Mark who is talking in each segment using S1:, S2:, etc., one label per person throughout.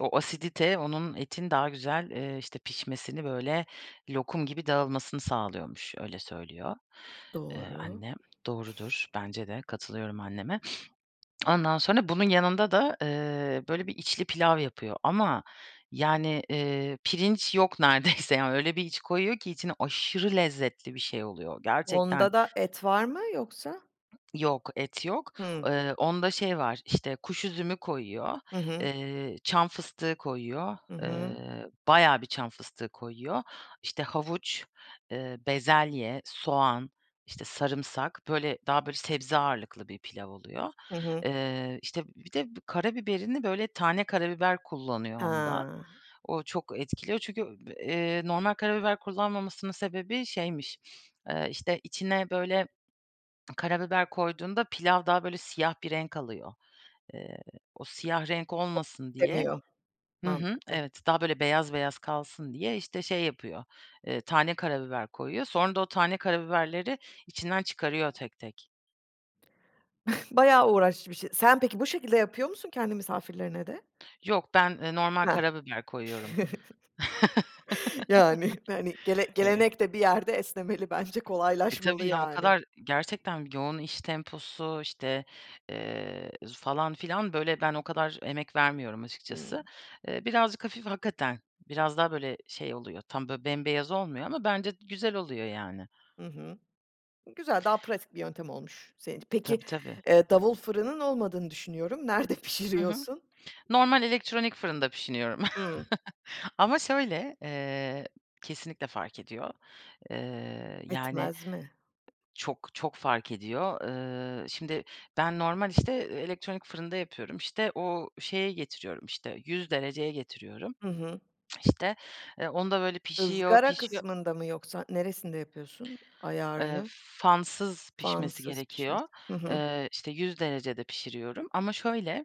S1: O asidite onun, etin daha güzel, eee, işte, pişmesini, böyle, lokum gibi dağılmasını sağlıyormuş. Öyle söylüyor, Eee,
S2: Doğru.
S1: annem. Doğrudur. Bence de. Katılıyorum anneme. Ondan sonra bunun yanında da, eee, böyle, bir içli pilav yapıyor ama, yani, eee, pirinç yok neredeyse. Yani, öyle bir iç koyuyor ki içine aşırı lezzetli bir şey oluyor. Gerçekten
S2: Onda da et var mı? Yoksa
S1: Yok, et yok.
S2: Hıı.
S1: Eee, onda şey var: İşte, kuş üzümü koyuyor,
S2: Hı hı.
S1: eee, çam fıstığı koyuyor,
S2: Hı hı.
S1: eee, bayağı bir çam fıstığı koyuyor. İşte, havuç, eee, bezelye, soğan, işte, sarımsak, böyle, daha, böyle, sebze ağırlıklı bir pilav oluyor.
S2: Hı hı.
S1: Eee, işte, bir de b karabiberini, böyle, tane karabiber kullanıyor onda.
S2: Ha.
S1: O çok etkiliyor çünkü, eb eee, normal karabiber kullanmamasının sebebi şeymiş: Eee, işte, içine, böyle, karabiber koyduğunda pilav daha, böyle, siyah bir renk alıyor. Eee, o siyah renk olmasın diye
S2: Temiyor,
S1: Hı hı,
S2: mantıklı.
S1: evet. Daha böyle beyaz beyaz kalsın diye, işte, şey yapıyor, eee, tane karabiber koyuyor. Sonra da o tane karabiberleri içinden çıkarıyor tek tek.
S2: Bayağı uğraşlı bir şey. Sen, peki, bu şekilde yapıyor musun kendi misafirlerine de?
S1: Yok. Ben, eee, normal
S2: Hah.
S1: karabiber koyuyorum.
S2: Yani yani, gele
S1: Eh
S2: gelenek de bir yerde esnemeli bence.
S1: E,
S2: Kolaylaşmalı,
S1: tabii ya. O
S2: yani.
S1: kadar gerçekten yoğun iş temposu, işte, eee, z falan filan, böyle, ben o kadar emek vermiyorum açıkçası.
S2: Hıı.
S1: Eee, birazcık hafif hakikaten biraz daha, böyle, şey oluyor. Tam, böyle, bembeyaz olmuyor ama bence güzel oluyor, yani.
S2: Hı hı. Güzel, daha pratik bir yöntem olmuş senin ç Peki,
S1: Tabii, tabii.
S2: eee, davul fırının olmadığını düşünüyorum. Nerede
S1: Hı hı.
S2: pişiriyorsun?
S1: Normal elektronik fırında pişiriyorum.
S2: Hıı.
S1: Ama şöyle, eee, kesinlikle fark ediyor. Eee, yani,
S2: Etmez mi?
S1: çok, çok fark ediyor. Iıı, şimdi ben normal, işte, e elektronik fırında yapıyorum. İşte, o şeye getiriyorum, işte, 100 dereceye getiriyorum.
S2: Hı hı.
S1: İşte, eee, onda böyle pişiyor,
S2: Izgara
S1: pişiyor
S2: kısmında mı yoksa neresinde yapıyorsun
S1: Eee,
S2: ayarını?
S1: fansız pişmesi
S2: Fansız
S1: gerekiyor.
S2: pişmesi Hı hı.
S1: Eee, işte, 100 derecede pişiriyorum ama şöyle,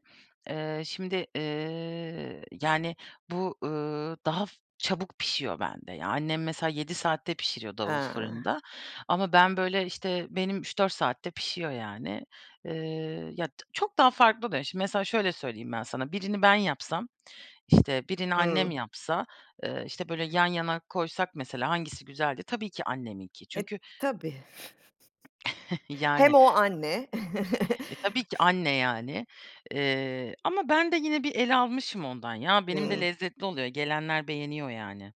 S1: eee, şimdi, eee, yani, bu, ııı, daha f çabuk pişiyor bende. Ya, annem mesela 7 saatte pişiriyor davul
S2: Ha.
S1: fırında ama ben, böyle, işte, benim 3-4 saatte pişiyor, yani. Eee, ya, d çok daha farklı be. Şimdi mesela şöyle söyleyeyim ben sana: Birini ben yapsam, işte, birini annem
S2: Hıı.
S1: yapsa, eee, işte, böyle, yan yana koysak mesela hangisi güzeldi? Tabii ki anneminki.
S2: E,
S1: Çünkü
S2: tabii. Hem
S1: Yani.
S2: o, anne.
S1: E, tabii ki, anne, yani. Eee, ama ben de yine bir el almışım ondan, ya. Benim de
S2: Hıı.
S1: lezzetli oluyor. Gelenler beğeniyor, yani.